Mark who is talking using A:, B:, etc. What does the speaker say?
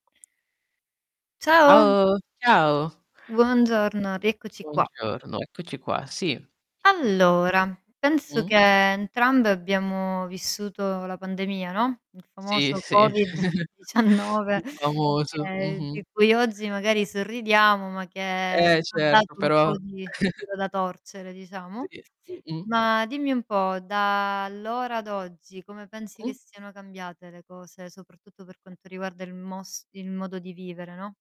A: Ciao!
B: Ciao, ciao.
A: Buongiorno, rieccoci qua.
B: Buongiorno, eccoci qua, sì.
A: Allora, penso che
B: Mh-mh.
A: entrambe abbiamo vissuto la pandemia, no, il
B: Sì,
A: famoso
B: sì,
A: Covid 19.
B: il famoso,
A: che
B: mh-mh.
A: di cui oggi magari sorridiamo, ma che
B: Eh,
A: ci ha
B: certo
A: dato un
B: però
A: po' di filo da torcere diciamo.
B: Ti mh-mh.
A: Ma dimmi un po', da allora ad oggi come pensi che
B: Mh?
A: siano cambiate le cose, soprattutto per quanto riguarda il mos il modo di vivere, no?